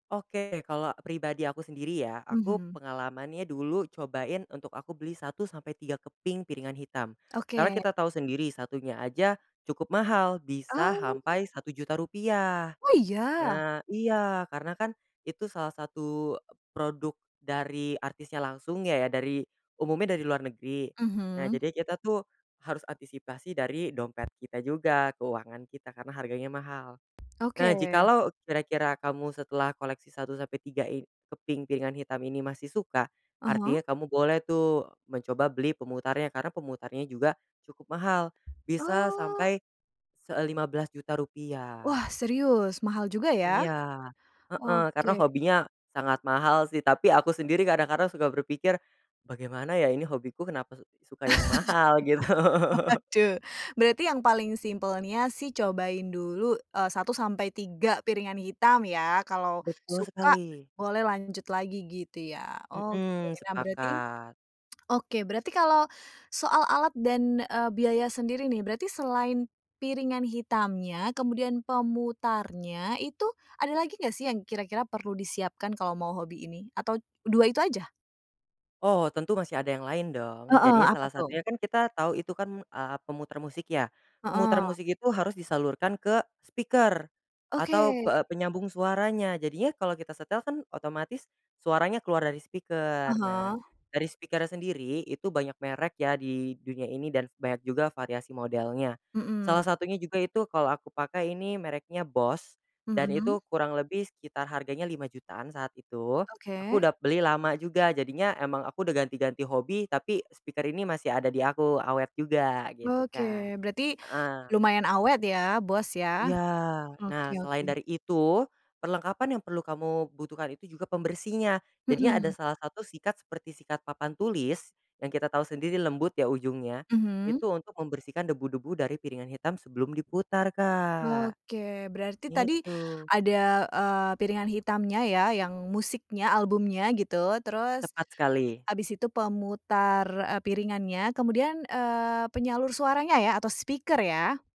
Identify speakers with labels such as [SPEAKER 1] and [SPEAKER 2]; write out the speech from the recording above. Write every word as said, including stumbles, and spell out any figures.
[SPEAKER 1] Oke, kalau pribadi aku sendiri ya, aku
[SPEAKER 2] Mhm.
[SPEAKER 1] pengalamannya dulu, cobain untuk aku beli satu sampai tiga keping piringan hitam. Karena
[SPEAKER 2] Oke.
[SPEAKER 1] kita tahu sendiri, satunya aja cukup mahal, bisa
[SPEAKER 2] Ah.
[SPEAKER 1] hampai satu juta rupiah.
[SPEAKER 2] Oh, iya?
[SPEAKER 1] Nah iya, karena kan itu salah satu e produk dari artisnya langsung ya ya, dari umumnya dari luar negeri. Nah,
[SPEAKER 2] Mhm.
[SPEAKER 1] jadi kita tuh harus antisipasi dari dompet kita juga, keuangan kita, karena harganya mahal.
[SPEAKER 2] Oke.
[SPEAKER 1] Nah, jikalau kira-kira kamu setelah koleksi satu sampai tiga i keping kepingan hitam ini masih suka,
[SPEAKER 2] Ah hah.
[SPEAKER 1] artinya kamu boleh tuh mencoba beli pemutarnya, karena pemutarnya juga cukup, mahal bisa
[SPEAKER 2] Oh.
[SPEAKER 1] sampai se eee, lima belas juta
[SPEAKER 2] Wah
[SPEAKER 1] rupiah.
[SPEAKER 2] serius, mahal juga ya?
[SPEAKER 1] Iya. Heeh, karena
[SPEAKER 2] Oke.
[SPEAKER 1] hobinya sangat mahal sih, tapi aku sendiri kadang-kadang suka berpikir, "Bagaimana ya, ini hobiku kenapa su suka yang mahal," gitu.
[SPEAKER 2] Waduh, berarti yang paling simpelnya sih cobain dulu, eee, satu sampai tiga piringan hitam ya, kalau
[SPEAKER 1] Betul
[SPEAKER 2] suka
[SPEAKER 1] sekali.
[SPEAKER 2] boleh lanjut lagi gitu ya, oke.
[SPEAKER 1] Mmm,
[SPEAKER 2] Nah berarti
[SPEAKER 1] sepakat.
[SPEAKER 2] oke, berarti kalau soal alat dan, eee, biaya sendiri nih, berarti selain piringan hitamnya, kemudian pemutarnya, itu ada lagi nggak sih, yang kira-kira perlu disiapkan kalau mau hobi ini atau t dua itu aja?
[SPEAKER 1] Oh, tentu masih ada yang lain dong.
[SPEAKER 2] Heeh,
[SPEAKER 1] Jadinya
[SPEAKER 2] apa
[SPEAKER 1] salah
[SPEAKER 2] tuh?
[SPEAKER 1] satunya, kan kita tahu itu kan, eee, pemutar musik ya. Pemuter
[SPEAKER 2] Heeh.
[SPEAKER 1] musik itu harus disalurkan ke speaker atau
[SPEAKER 2] Oke.
[SPEAKER 1] pe-e e penyambung suaranya, jadinya kalau kita setel kan otomatis suaranya keluar dari
[SPEAKER 2] Ah
[SPEAKER 1] speaker. Nah,
[SPEAKER 2] hah.
[SPEAKER 1] dari speaker-nya sendiri, itu banyak merek ya, di dunia ini dan banyak juga variasi modelnya.
[SPEAKER 2] Mmm.
[SPEAKER 1] Salah satunya juga itu kalau aku pakai ini, mereknya Bose dan
[SPEAKER 2] Mhm.
[SPEAKER 1] itu kurang lebih sekitar harganya lima jutaan saat itu. Aku
[SPEAKER 2] Oke.
[SPEAKER 1] udap beli lama juga, jadinya emang aku udah ganti-ganti hobi, tapi e speaker ini masih ada di aku, awet juga gitu
[SPEAKER 2] Oke,
[SPEAKER 1] Kak.
[SPEAKER 2] berarti
[SPEAKER 1] Heeh.
[SPEAKER 2] lumayan awet ya, Bose ya?
[SPEAKER 1] Iya. Nah,
[SPEAKER 2] Oke oke.
[SPEAKER 1] selain dari itu, perlengkapan yang perlu kamu butuhkan itu juga pembersihnya, jadi ada
[SPEAKER 2] Mhm.
[SPEAKER 1] salah satu sikat seperti sikat papan tulis, yang kita tahu sendiri lembut ya, ujungnya.
[SPEAKER 2] Mhm.
[SPEAKER 1] Itu untuk membersihkan debu-debu dari piringan hitam sebelum diputar Kak,
[SPEAKER 2] Oke, berarti tadi
[SPEAKER 1] ngitu.
[SPEAKER 2] ada, eee, piringan hitamnya ya, yang musiknya, albumnya gitu. Terus
[SPEAKER 1] Tepat sekali.
[SPEAKER 2] abis itu pemutar, eee, piringannya kemudian, eee, penyalur suaranya ya, atau speaker ya?